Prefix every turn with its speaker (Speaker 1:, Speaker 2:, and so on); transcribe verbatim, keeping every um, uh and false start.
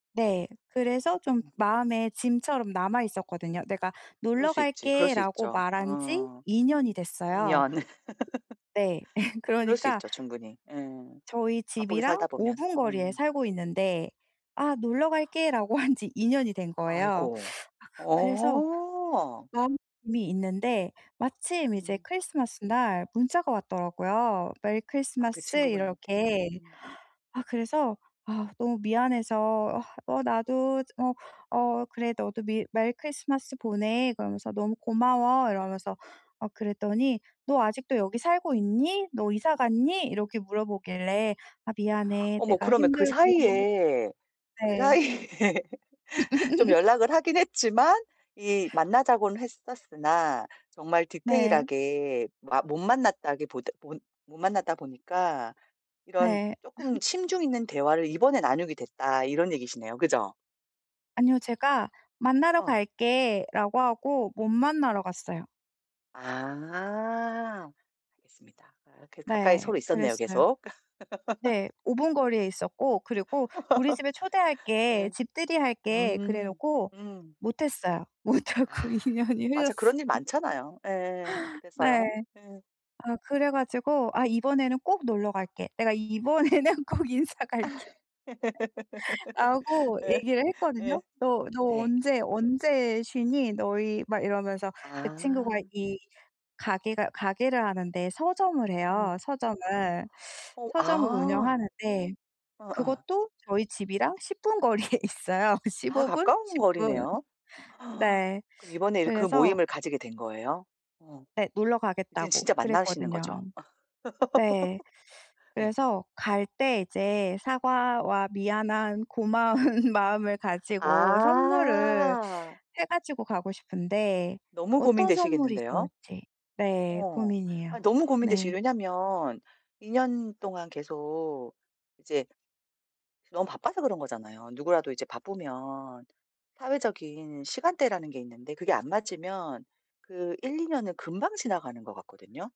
Speaker 1: 네. 그래서 좀
Speaker 2: 음.
Speaker 1: 마음에 짐처럼 남아 있었거든요. "내가
Speaker 2: 그럴
Speaker 1: 놀러
Speaker 2: 수 있지. 그럴 수
Speaker 1: 갈게."라고
Speaker 2: 있죠.
Speaker 1: 말한 지
Speaker 2: 어.
Speaker 1: 이 년이
Speaker 2: 이
Speaker 1: 됐어요.
Speaker 2: 년.
Speaker 1: 네.
Speaker 2: 그럴 수
Speaker 1: 그러니까
Speaker 2: 있죠 충분히. 예.
Speaker 1: 저희
Speaker 2: 바쁘게
Speaker 1: 집이랑
Speaker 2: 살다
Speaker 1: 오
Speaker 2: 보면.
Speaker 1: 분 거리에
Speaker 2: 음.
Speaker 1: 살고 있는데 "아 놀러 갈게."라고 한 지 이 년이 된 거예요.
Speaker 2: 아이고.
Speaker 1: 아 그 그래서
Speaker 2: 어.
Speaker 1: 마음이 있는데 마침 이제
Speaker 2: 음.
Speaker 1: 크리스마스 날 문자가 왔더라고요. 메리
Speaker 2: 아 그
Speaker 1: 크리스마스
Speaker 2: 친구분한테?
Speaker 1: 이렇게.
Speaker 2: 음.
Speaker 1: 아 그래서 아 너무 미안해서 어 "어 나도 저 어 어 그래 너도 미 메리 크리스마스 보내." 그러면서 "너무 고마워." 이러면서 어 그랬더니 "너 아직도 여기 살고 있니? 너 이사 갔니?" 이렇게 물어보길래 "아 미안해.
Speaker 2: 어머
Speaker 1: 내가
Speaker 2: 그러면 그
Speaker 1: 힘들고"
Speaker 2: 사이에 그
Speaker 1: 네.
Speaker 2: 사이에 좀 연락을 하긴 했지만 이 만나자고는 했었으나 정말
Speaker 1: 네.
Speaker 2: 디테일하게 마 못 만났다기보다 보 못 만났다 보니까 이런
Speaker 1: 네.
Speaker 2: 쪼끔 심중 있는 대화를 이번에 나누게 됐다 이런 얘기시네요. 그죠?
Speaker 1: 아니요. 제가 "만나러
Speaker 2: 어.
Speaker 1: 갈게."라고 하고 못 만나러 갔어요.
Speaker 2: 아. 알겠습니다. 아 그 가까이
Speaker 1: 네.
Speaker 2: 서로 있었네요
Speaker 1: 그랬어요.
Speaker 2: 계속.
Speaker 1: 네. 오 분 거리에 있었고 그리고 "우리 집에 초대할게.
Speaker 2: 예.
Speaker 1: 집들이 할게." 그래
Speaker 2: 음.
Speaker 1: 놓고
Speaker 2: 음.
Speaker 1: 못했어요. 못
Speaker 2: 아.
Speaker 1: 하고 이 년이
Speaker 2: 맞아.
Speaker 1: 흘렀어요.
Speaker 2: 그런 일 많잖아요. 예예예.
Speaker 1: 네.
Speaker 2: 그래서요? 예.
Speaker 1: 아 그래 가지고 "아 이번에는 꼭 놀러 갈게. 내가 이번에는 꼭 인사
Speaker 2: 아이.
Speaker 1: 갈게" 라고
Speaker 2: 예.
Speaker 1: 얘기를
Speaker 2: 예.
Speaker 1: 했거든요. "너 너
Speaker 2: 네.
Speaker 1: 언제 언제 쉬니 너희?" 막 이러면서 그 친구가
Speaker 2: 아.
Speaker 1: 이 가게가 가게를 하는데 서점을 해요
Speaker 2: 음.
Speaker 1: 서점을.
Speaker 2: 어
Speaker 1: 서점을
Speaker 2: 아.
Speaker 1: 운영하는데
Speaker 2: 어예.
Speaker 1: 그것도 저희 집이랑 십 분 거리에 있어요
Speaker 2: 아
Speaker 1: 십오 분
Speaker 2: 가까운
Speaker 1: 십 분.
Speaker 2: 거리네요?
Speaker 1: 네.
Speaker 2: 그럼 이번에 그
Speaker 1: 그래서
Speaker 2: 모임을 가지게 된 거예요? 어.
Speaker 1: 네. 놀러
Speaker 2: 이젠
Speaker 1: 가겠다고
Speaker 2: 진짜 만나시는
Speaker 1: 그랬거든요.
Speaker 2: 거죠?
Speaker 1: 네.
Speaker 2: 예.
Speaker 1: 그래서 갈 때 이제 사과와 미안한 고마운 마음을 가지고 선물을
Speaker 2: 아.
Speaker 1: 해 가지고 가고 싶은데
Speaker 2: 너무
Speaker 1: 어떤 선물이
Speaker 2: 고민되시겠는데요?
Speaker 1: 좋을지. 네.
Speaker 2: 어.
Speaker 1: 고민이에요.
Speaker 2: 아 너무 고민되시
Speaker 1: 네.
Speaker 2: 왜냐하면 이 년 동안 계속 이제 너무 바빠서 그런 거잖아요. 누구라도 이제 바쁘면 사회적인 시간대라는 게 있는데 그게 안 맞으면 그 일이 년은 금방 지나가는 것 같거든요.